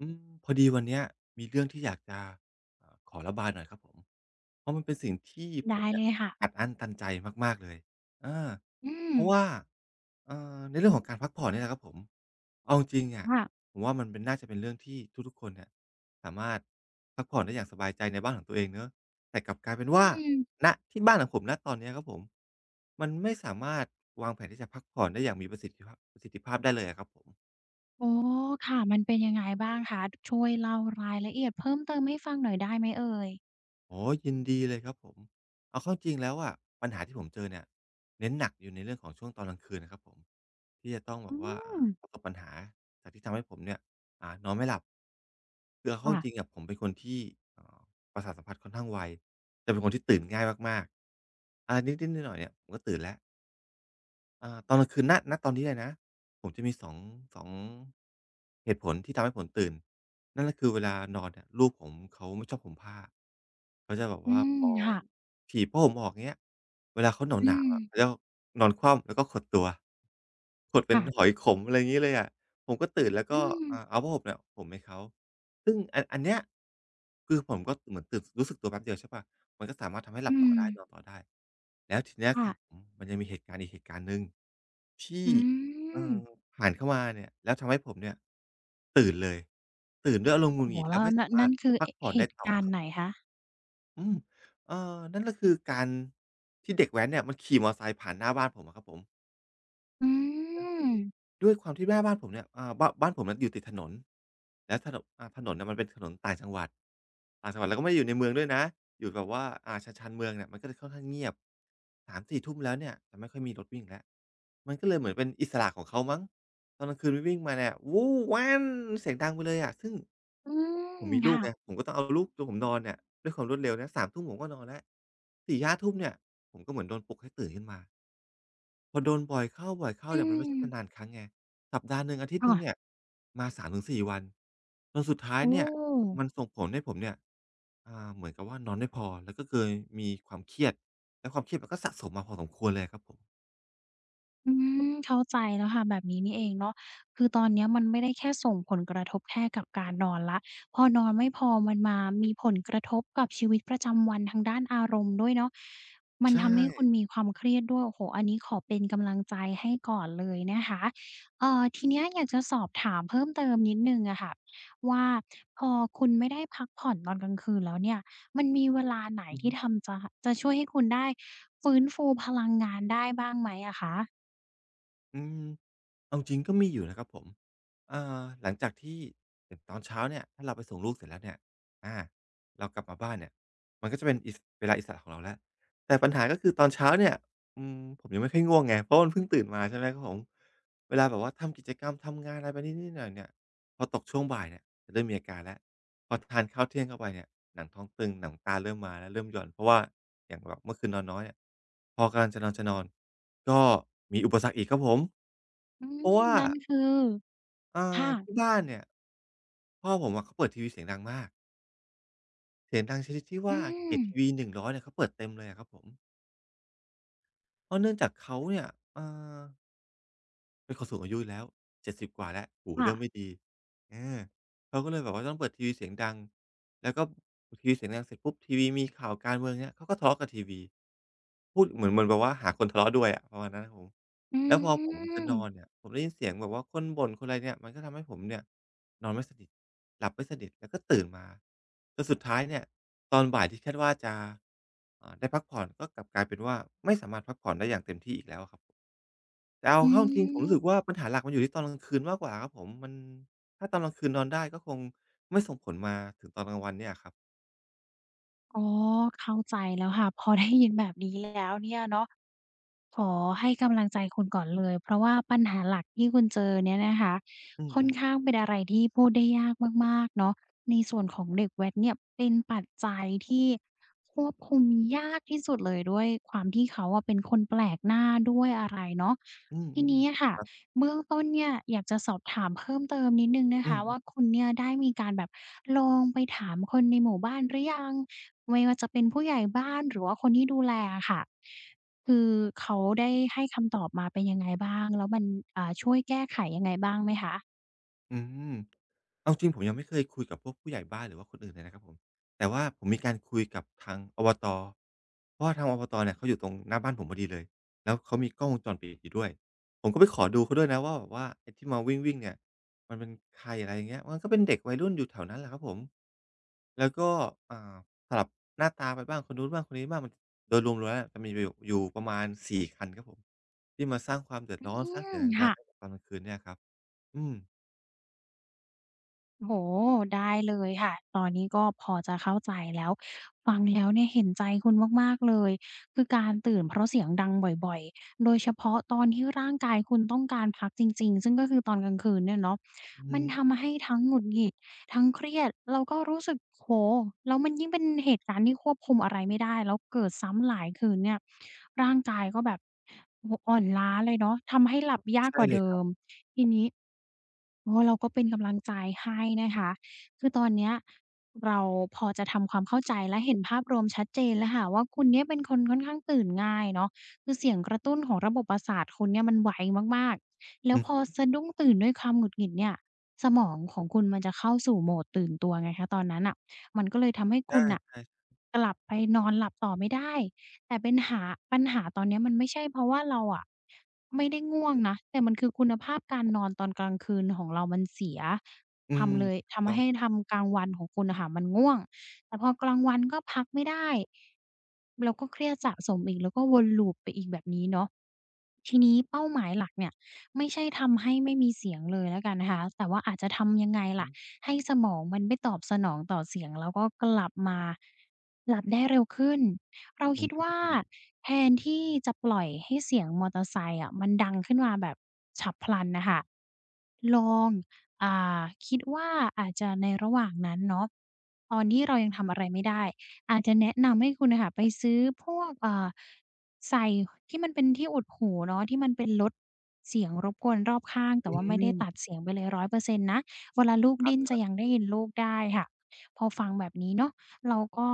อืม พอดีวันเนี้ยมีเรื่องที่อยากจะ เอ่อ ขอระบายหน่อยครับผม เพราะมันเป็นสิ่งที่ผได้มเนีเ่ลยยค่ะ อัดอั้นตันใจมาก ๆ เลย อา อืเพราะม ว่า อ่า ในเรื่องของการพักผ่อนเนี่ยแหละครับผม เอาจริง ๆ เนี่ย ค่ะ ผมว่ามันเป็น น่าจะเป็นเรื่องที่ทุก ๆ คนเนี่ย สามารถพักผ่อนได้อย่างสบายใจในบ้านของตัวเองเนาะ แต่กลับกลายเป็นอว่า ืม ณ ที่บ้านของผม ณ ตอนนี้ครับผม มันไม่สามารถวางแผน ที่จะพักผ่อนได้อย่างมีประสิทธิภาพ ประสิทธิภาพได้เลยอะ ครับผม อ๋อ ค่ะ มันเป็นยังไงบ้างคะ ช่วยเล่ารายละเอียดเพิ่มเติม ให้ฟังหน่อยได้ไหมเอ่ย? อ๋อ ยินดีเลยครับผม เอาเข้าจริงแล้วอะ ปัญหาที่ผมเจอเนี่ย เน้นหนักอยู่ในเรื่องของช่วงตอนกลางคืนครับผม ที่จะต้องแอบืบว่า อ่า ม ประสบปัญหาจากที่ทำให้ผมเนี่ย อ่า นอนไม่หลับ คือเอาเขค้า่ะ จริง ๆ อะ ผมเป็นคนที่ ประสาทสัมผัสค่อนข้างไว แต่เป็นคนที่ตื่นง่ายมาก ๆ อะไรนิด ๆ หน่อย ๆ เนี่ย ผมก็ตื่นแล้ว อ่า ตอนกลางคืน ณ ณ ตอนนี้เลยนะ ผมจะมี 2-2 เหตุผลที่ทำให้ผมตื่น นั่นก็คือเวลานอนเนี่ย ลูกผมเขาไม่ชอบห่มผ้า เขาจะแบบอืว่าม พอค่ะ ถีบผ้าห่มออก อย่างเงี้ย เวลาเขาหอืนาว ๆ อะ ม แล้วนอนคว่ำ แล้วก็ขดตัว ขดเปค็่นะ หอยขม อะไรอย่างงี้เลยอะ ผมก็ตื่นแล้วอืก็ ม อ เอาผ้าห่มให้เขา ซึ่งอัน อันเนี้ย คือผมก็เหมือนรู้สึกตัวแป๊บเดียวใช่เปล่า มันก็สามารถทำให้หอลืับต่อได้ม นอนต่อได้ แล้วทีนี้ ค่ค ะ ผมมันยังมีเหตุการณ์อีกเหตุการณ์หนึ่ง ที่ อืเอ่อ ม ผ่านเข้ามาเนี่ย แล้วทำให้ผมเนี่ยตื่นเลย ตื่นด้วยอารโอม้ณ์หงุดโหฮ งิด แแลล้้ววไม่ นัส่น ามนัาร่นถคือ พักผ่อเนหได้ตุต่กอารณค์รับ ไหนคะ? อืม เอ่อ นั่นคือการที่เด็กแว้นเนี่ย มันขี่มอเตอร์ไซค์ผ่านหน้าบ้านผมอะครับผม อืม ด้วยความที่หน้าบ้านผมเนี่ย อ่า บ้าน บ้านผมอยู่ติดถนน แล้วถนน ถนนน่ะมันเป็นถนนต่างจังหวัด ต่างจังหวัด แล้วก็ไม่ได้อยู่ในเมืองด้วยนะ อยู่แบบว่า อา ชาน ๆ เมืองเนี่ย มันก็จะค่อนข้างเงียบ 3-4 ทุ่มแล้วเนี่ย จะไม่ค่อยมีรถวิ่งแล้ว มันก็เลยเหมือนเป็นอิสระของเขามั้ง ตอนกลางคืนวิ่ง วิ่งมาเนี่ย เสียงดังไปเลยอะ ซึ่ง อืม ผมมีคลู่กะ ไง ผมก็ต้องเอาลูก ตัวผมนอนเนี่ย ด้วยความรวดเร็วนะ 3 ทุ่ม ผมก็นอนละ 4-5 ทุ่มเนี่ย ผมก็เหมือนโดนปลุกให้ตื่นขึ้นมา พอโดนบ่อยเข้า อๆ ืเนี่ยมันไม่ใช่ม นาน ๆ ครั้งไง สัปดาห์หนึ่ง อาทิตยอ์หนึ่งา เนี่ยมา 3 ถึง 4 วัน จนสุดท้าโยอ้เนี่ย โฮ มันส่งผลให้ผมเนี่ย อ่า เหมือนกับว่านอนไม่พอ แล้วก็เคยมีความเครียดและความเครียดมันก็สะสม มาพอสมควรเลยอะครับผม อืม เข้าใจแล้วค่ะแบบนี้นี่เองเนาะ คือตอนนี้มันไม่ได้ แค่ส่งผลกระทบแค่กับการนอนแล้ว พอนอนไม่พอ มันมามีผลกระทบกับชีวิตประจำวันทางด้านอารมณ์ด้วยเนาะ มัใชนทำให้คุ่ ณมีความเครียดด้วย โอ้โฮ อันเนี้ยขอเป็นกำลังใจให้ก่อนเลยนะคะ เอ่อ ทีเนี้ย อยากจะสอบถามเพิ่มเติมนิดหนึ่งอะค่ะ ว่าพอคุณไม่ได้พักผ่อน ตอนกลางคืนแล้วเนี่ย มันมีเวลาไหนอือทฮี่ึ ทำจะ จะช่วยให้คุณได้ฟื้นฟูพลังงานได้บ้างไหมอะคะ? อืม เอาจริง ๆ ก็มีอยู่นะครับผม อ่า หลังจากที่ อย่างตอนเช้าเนี่ย ถ้าเราไปส่งลูกเสร็จแล้วเนี่ย อ่า เรากลับมาบ้านเนี่ย มันก็จะเป็นอิส เวลาอิสระระของเราแล้ว แต่ปัญหาก็คือตอนเช้าเนี่ย อืม ผมยังไม่ค่อยง่วงไง เพราะมันเพิ่งตื่นมา ใช่ไหมครับผม เวลาแบบว่าทำกิจกรรม ทำงานอะไรไปนิด ๆ หน่อย ๆ เนี่ย พอตกช่วงบ่ายเนี่ย จะเริ่มมีอาการแล้ว พอทาน ข้าวเที่ยงเข้าไปเนี่ย หนังท้องตึงหนังตาเริ่มมาแล้ว เริ่มหย่อน เพราะว่าอย่างแบบเมื่อคืนนอนน้อยอะ พอกำลังจะนอน ๆ ก็มีอุปสรรคอีกครับผม อืเพราะม ว่า นั่นคือ เออ ค่ทะ ี่บ้านเนี่ย พ่อผมอะเขาเปิดทีวีเสียงดังมาก เสียงดังชนิดที่วอื่า เสียงทม ีวี 100 เนี่ย เขาเปิดเต็มเลยอะครับผม เพราะเนื่องจากเขาเนี่ย เออ เป็นคนสูงอายุแล้ว 70 กว่าแล้ว หูคเ่ริ่มไะ ม่ดี อา เขาก็เลยแบบว่าต้องเปิดทีวีเสียงดัง แล้วก็ เปิดทีวีเสียงดังเสร็จปุ๊บ ทีวีมีข่าวการเมือง อย่างเงี้ย เขาก็ทะเลาะกับทีวี พูดเหมือน เหมือนแบบว่าหาคนทะเลาะด้วยอะ ประมาณนั้นครับผม อืแล้วพอผมจะนอม นเนี่ย ผมได้ยินเสียงแบบคนบ่น คนอะไรเนี่ย มันก็ทำให้ผมเนี่ย นอนไม่สนิท หลับไม่สนิท แล้วก็ตื่นมา จนสุดท้ายเนี่ย ตอนบ่ายที่คาดว่าจะ อ่า ได้พักผ่อน ก็กลับกลายเป็นว่า ไม่สามารถพักผ่อนได้อย่างเต็มที่อีกแล้วอะครับผม แต่เอาอืเข้าจริง ๆ ผมรู้สึม กว่าปัญหาหลักมันอยู่ที่ตอนกลางคืน มากกว่าครับผม มัน ถ้าตอนกลางคืนนอนได้ ก็คงไม่ส่งผลมาถึงตอนกลางวันเนี่ยอะครับ อ๋อ เข้าใจแล้วค่ะ พอได้ยินแบบนี้แล้ว เนี่ยเนาะ ขอให้กำลังใจคุณก่อนเลย เพราะว่าปัญหาหลักที่คุณเจอเนี่ยนะคะ อืค่อนอ ๆ ข้างเป็นอะไรที่พูดได้ยาก มาก ๆ เนาะ ในส่วนของเด็กแว้นเนี่ยเป็นปัจจัย ที่ควบคุมยากที่สุดเลย ด้วยความที่เขาอะ เป็นคนแปลกหน้าด้วย อะไรเนาะ อืทีม นี้อะค่ะ ๆ ครับ เบื้องต้นเนี่ย อยากจะสอบถามเพิ่มเติมนิดหนึ่งนะอืคอะฮวึ ่า คุณเนี่ยได้มีการแบบลองไปถามคนในหมู่บ้านหรือยัง? ไม่ว่าจะเป็นผู้ใหญ่บ้าน หรือว่าคนที่ดูแลอะค่ะ คือเขาได้ให้คำตอบมาเป็นยังไงบ้าง แล้วมัน อ่า ช่วยแก้ไขยังไงบ้างไหมคะ? อืม เอาจริงผมยังไม่เคยคุยกับพวกผู้ใหญ่บ้าน หรือว่าคนอื่นเลยนะครับผม แต่ว่าผมมีการคุยกับทาง อวต. เพราะว่าทาง อบต. เนี่ยเขาอยู่ตรงหน้าบ้านผมพอดีเลย แล้วเขามีกล้องวงจร ปิดอยู่ด้วย ผมก็ไปขอดูเขาด้วยนะว่าแบบว่าไอ้ที่มาวิ่ง ๆ เนี่ยมันเป็นใคร อะไรอย่างเงี้ย มันก็เป็นเด็กวัยรุ่นอยู่แถวนั้นแหละครับผม แล้วก็ อ่า สลับหน้าตาไปบ้าง คนนู้นบ้าง คนนี้บ้าง โดยรวมแล้วเนี่ย จะมีกันอยู่ อยู่ประมาณ 4 คันครับผม ที่มาสร้างความเดือดอืร้อน สร้างม เสียงคดั่ง ะ ๆ ให้กับตอนกลางคืนเนี่ยครับ อืม โอ้โฮ ได้เลยค่ะ ตอนนี้ก็พอจะเข้าใจแล้ว ฟังแล้วเนี่ย เห็นใจคุณมาก ๆ เลย คือการตื่นเพราะเสียงดังบ่อย ๆ โดยเฉพาะตอนที่ร่างกายคุณต้องการพักจริง ๆ ซึ่งก็คือตอนกลางคืนเนี่ยเนาะ อือฮมึ ันทำให้ทั้งหงุดหงิด ทั้งเครียดแล้วก็รู้สึก โอ้โฮ แล้วมันยิ่งเป็นเหตุการณ์ที่ควบคุมอะไรไม่ได้แล้วเกิดซ้ำหลายคืนเนี่ย ร่างกายก็แบบ โอ้โฮ อ่อนล้าเลยเนาะ ทำให้หลับยาใกช่กว่าเลเดยิครับ ม ทีนี้ อ๋อ เราก็เป็นกำลังใจให้นะคะ คือตอนเนี้ย เราพอจะทำความเข้าใจผ และเห็นภาพรวมชัดเจนเลยค่ะว่า คุณเนี่ยเป็นคนค่อนข้างตื่นง่ายเนาะ คือเสียงกระตุ้นของระบบประสาทคุณเนี่ย มันไวมาก ๆ แล้อวือพอฮึ สะดุ้งตื่นด้วยความหงุดหงิดเนี่ย สมอง ของคุณมันจะเข้าสู่โหมดตื่นตัวไงคะ ตอนนั้นน่ะ มันก็เลยทำให้อคา ุณน่ะ ใช่ กลับไปนอนหลับต่อไม่ได้ แต่ปัญหา ปัญหาตอนเนี้ย มันไม่ใช่ เพราะว่าเราอะ ไม่ได้ง่วงนะ แต่มันคือคุณภาพการนอน ตอนกลางคืนของเรามันเสีย อืทม ำเลย ถทูกต้ำอใหง้เลยครับ ทำกลางวันของคุณอะคะ มันง่วง แต่พอกลางวันก็พักไม่ได้ เราก็เครียดสะสมอีก แล้วก็วนลูปไปอีกแบบนี้เนาะ ทีนี้เป้าหมายหลักเนี่ยไม่ใช่ทำให้ไม่มี เสียงเลยละกันนะคะ แต่ว่า อาจจะทำยังไงอลื้่อะ ฮือ ให้สมองมันไม่ตอบสนองต่อเสียงแล้วก็กลับมา หลับได้เร็วขึ้น? เราอคืิดว่า ม แทนที่จะปล่อยให้เสียงมอเตอร์ไซค์อะ มันดังขึ้นมาแบบฉับพลันน่ะค่ะ ลอง อ่า คิดว่าอาจจะในระหว่างนั้นเนาะ ตอนที่เรายังทำอะไรไม่ได้ อาจจะแนะนำให้คุณน่ะค่ะ ไปซื้อพวก อ่า ใส่ที่มันเป็นที่อุดหูเนาะ ที่มันเป็น ลดเสียงรบกวนรอบข้าง แตอ่ืว่าไม่ได้ตัดม เสียงไปเลย 100% นะ เวลาลูก คดรัิ้บ นจะๆ ยังได้ยินลูกได้ค่ะ พอฟังแบบนี้เนาะ เราก็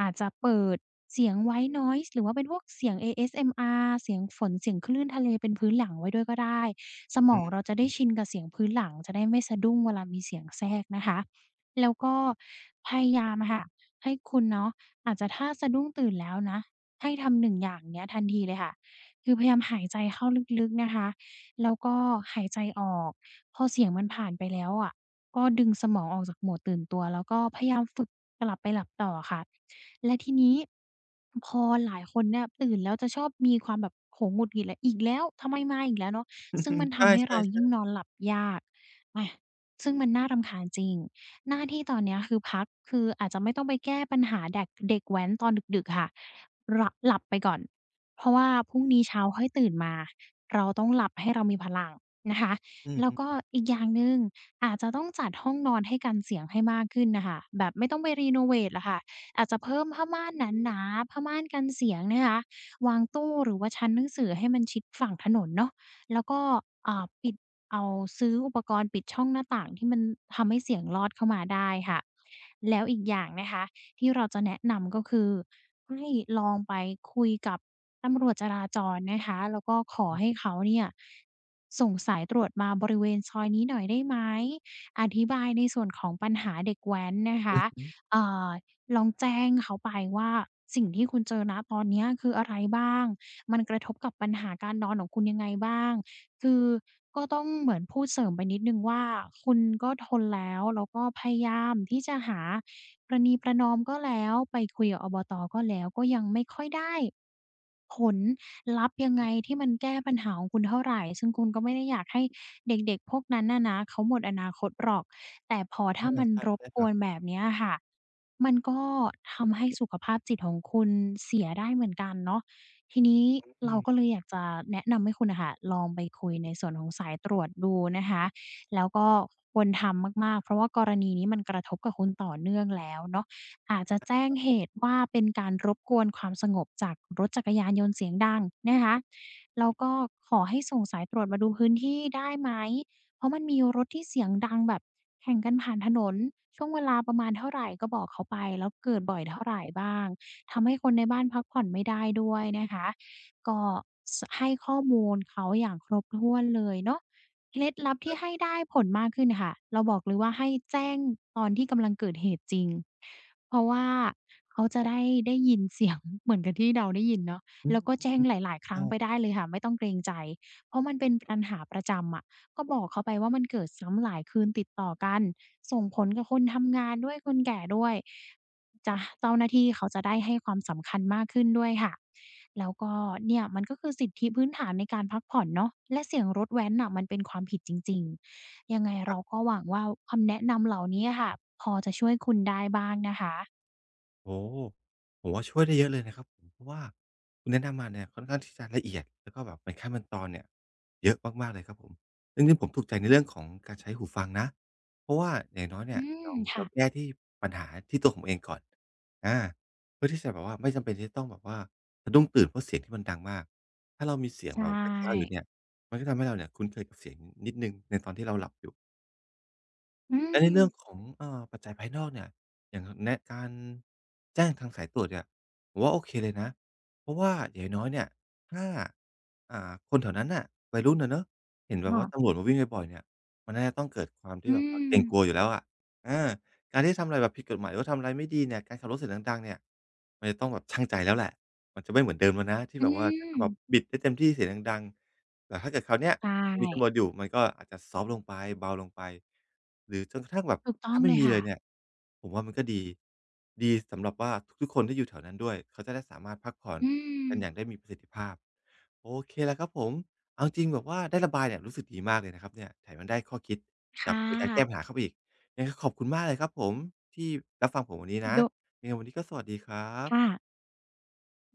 อาจจะเปิดเสียง white noise หรือว่าเป็นพวกเสียง ASMR เสียงฝน เสียงคลื่นทะเล เป็นพื้นหลังไว้ด้วยก็ได้ สมอืองเราจะได้ม ชินกับเสียงพื้นหลัง จะได้ไม่สะดุ้งเวลามีเสียงแทรกนะคะ แล้วก็พยายามค่ะ ให้คุณเนาะ อาจจะถ้าสะดุ้งตื่นแล้วนะ ให้ทำ 1 อย่างเนี่ยทันทีเลยค่ะ คือพยายามหายใจเข้าลึก ๆ นะคะ แล้วก็หายใจออก พอเสียงมันผ่านไปแล้วอะ ก็ดึงสมองออกจากหมวดตื่นตัว แล้วก็พยายามฝึก กลับไปหลับต่ออะคะ แล้วทีนี้ พอหลายคนเนี่ยตื่นแล้ว จะชอบมีความแบบ โมโหหงุดหงิดอีกแล้ว ทำไมมาอีกแล้วเนาะ? อืซึ่งมอ ันๆ ทใชำให้เร่ ายิ่งๆ ๆ นอนหลับยาก อะ ซึ่งมันน่ารำคาญจริง หน้าที่ตอนนี้ คือพัก คืออาจจะไม่ต้องไปแก้ปัญหา เด็ก เด็กแว้นตอนดึก ๆ ค่ะ ล่ะ หลับไปก่อน เพราะว่าพรุ่งนี้เช้าค่อยตื่นมา เราต้องหลับให้เรา มีพลังนะคะ อืแล้วก็อ ๆ ๆ อีกอย่างหนึ่ง อาจจะต้องจัดห้องนอนให้กันเสียงให้มากขึ้นน่ะค่ะ แบบไม่ต้องไปเรโนเวตอะคะ อาจจะเพิ่มผ้าม่านหนา ๆ ผ้าม่านกันเสียงนะคะ วางตู้ หรือว่าชั้นหนังสือให้มันชิดฝั่งถนนเนาะ แล้วก็ อ่า ปิด เอาซื้ออุปกรณ์ปิดช่องหน้าต่าง ที่มันทำให้เสียงลอดเข้ามาได้ค่ะ แล้วอีกอย่างนะคะที่เราจะแนะนำ ก็คือให้ลองไปคุยกับตำรวจจราจรนะคะ แล้วก็ขออือ ให้เขาเนี่ย ส่งสายตรวจมาบริเวณซอยนี้หน่อยได้ไหม? อธิบายในส่วนของปัญหาเด็กแว้นนะคอืะ อฮึ เอ่อ ลองแจ้งเขาไปว่า สิ่งที่คุณเจอ ณ ตอนนี้คืออะไรบ้าง? มันกระทบกับปัญหาการนอนของคุณยังไงบ้าง? คือก็ต้องเหมือนพูดเสริมไปนิดหนึ่งว่า คุณก็ทนแล้ว แล้วก็พยายามที่จะหาประนีประนอมก็แล้ว ไปคุยกับ อบต. ก็ยังไม่ค่อยได้ ผลลัพธ์ยังไอง ืม ที่มันแก้ปัญหาของคุณเท่าไร ซึ่งคุณก็ไม่ได้อยากให้เด็ก ๆ พวกนั้นน่ะนะ เขาหมดอนาคตหรอก แต่พอถอ้าา มันใช่ รๆ ใบช่กครัวบ นแบบนี้อะคะ มันก็ทำให้สุขภาพจิตของคุณเสียได้เหมือนกันเนาะ ทีนี้อเรืาม ก็เลยอยากจะแนะนำให้คุณน่ะค่ะ ลองไปคุยในส่วนของสายตรวจดูนะคะ แล้วก็ควรทำมาก ๆ เพราะว่ากรณีนี้ มันกระทบกับคุณต่อเนื่องแล้วเนาะ อาจจะแจ้งเหตุว่า เป็นการรบกวนความสงบจากรถจักรยานยนต์เสียงดังนะคะ แล้วก็ขอให้ส่งสายตรวจมาดูพื้นที่ได้ไหม? เพราะมันมีรถที่เสียงดังแบบแข่งกันผ่านถนน ช่วงเวลาประมาณเท่าไร? ก็บอกเขาไปแล้วเกิดบ่อยเท่าไร บ้าง?ทำให้คนในบ้านพักผ่อนไม่ได้ด้วยนะคะ ก็ ส ให้ข้อมูลเขาอย่างครบถ้วนเลยเนาะ เคล็ดลับทคีร่ับ ให้ได้ผลมากขึ้นค่ะ เราบอกเลยว่า ให้แจ้งตอนที่กำลังเกิดเหตุจริง เพราะว่าเขาจะได้ ได้ยิน เสียง เหมือนกับที่เราได้ยินเนาะ อืแล้ม วก็แจ้องืหม ลาย ๆ ครัอ้า งไปได้เลยค่ะ ไม่ต้องเกรงใจ เพราะมันเป็นปัญหาประจำอะ ก็บอกเขาไปว่า มันเกิดซ้ำหลายคืนติดต่อกัน ส่งผลกับคนทำงานด้วย คนแก่ด้วย จ้ะ เจ้าหน้าที่เขาจะได้ให้ความสำคัญมากขึ้นด้วยค่ะ แล้วก็เนี่ยมัน ก็คือสิทธิพื้นฐานในการพักผ่อนเนาะ และเสียงรถแว้นน่ะ มันเป็นความผิดจริง ๆ ยังไงเครรับ าก็หวังว่าคำแนะนำเหล่านี้อะคะ พอจะช่วยคุณได้บ้างนะคะ โอ้โฮ ผมว่าช่วยได้เยอะเลยนะครับผม เพราะว่าคุณแนะนำมาเนี่ย ค่อนข้างที่จะละเอียด แล้วก็แบบเป็นขั้นเป็นตอนเนี่ย เยอะมาก ๆ เลยครับผม เรื่องนี้ผมถูกใจในเรื่องของการใช้หูฟังนะ เพราะว่าอย่างน้อยเนอี่ืย ม เรา คเร่าะ แก้ที่ ปัญหาที่ตัวผมเองก่อน อา เพื่อที่จะแบบว่าไม่จำเป็น ที่จะต้องแบบว่าสะดุ้งตื่น เพราะเสียงที่มันดังมาก ถ้าเรามีเสียงใชแบบคล้าย ๆ อยู่่ เนี่ย มันก็ทำให้เราเนี่ย คุ้นเคยกับเสียง อ นิดหนึ่ง ในตอนที่เราหลับอยู่ อืแล้วในเรื่อม ง ของ เอ่อ ปัจจัยภายนอกเนี่ย อย่าง อ แนะการ แจ้งทางสายตรวจเนี่ย ผมว่าโอเคเลยนะ เพราะว่าอย่างน้อย ๆ เนี่ย ถ้า อ่า คนแถวนั้นน่ะ วัยรุ่นอะเนาะ เห็นแบคบ่ว่าะ ตำรวจมาวิ่งบ่อย ๆ เนี่ย มันน่าจะต้องเกิด ความทอีื่แบบว่าเกรงม กลัวอยู่แล้วอะ อา การที่จะทำอะไรแบบผิดกฎหมาย หรือว่าทำอะไรไม่ดีเนี่ย การขับรถเสียงดัง ๆ เนี่ย มันจะต้องแบบชั่งใจแล้วแหละ มันจะไม่เหมือนเดิมแล้วนะ ที่อืแบบว่า ฉันจะแบบม บิดได้เต็มที่เสียงดัง ๆ แต่ถ้าเกิดคราวเนี้ย ใชมัน มีต่ ำรวจอยู่ มันก็อาจจะซอฟต์ลงไป เบาลงไป หรือจนกระทั่งแบบถูกตถ้้องาไมเ่ลยมีคเ่ลยะ เนี่ย ผมว่ามันก็ดี ดีสำหรับว่าทุก ๆ คนที่อยู่แถวนั้นด้วย เขาจะได้สามารถพักผ่อนอืกันอยม ่างได้มีประสิทธิภาพ โอเคละครับผม เอาจริง ๆ แบบว่าได้ระบายเนี่ย รู้สึกดีมากเลยนะครับเนี่ย แถมยังได้ข้อคิดคแบ่บในการแก้ะ ปัญหาเข้าไปอีก ยังไงก็ขอบคุณมากเลยครับผม ที่รับฟังผมวันนี้นะ โดะ ยังไงวันนี้ก็สวัสดีครัคบ ่ะ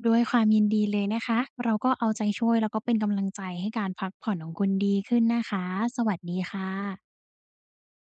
ด้วยความยินดีเลยนะคะ เราก็เอาใจช่วย แล้วก็เป็นกำลังใจให้การพักผ่อนของคุณดีขึ้นนะคะ สวัสดีค่ะ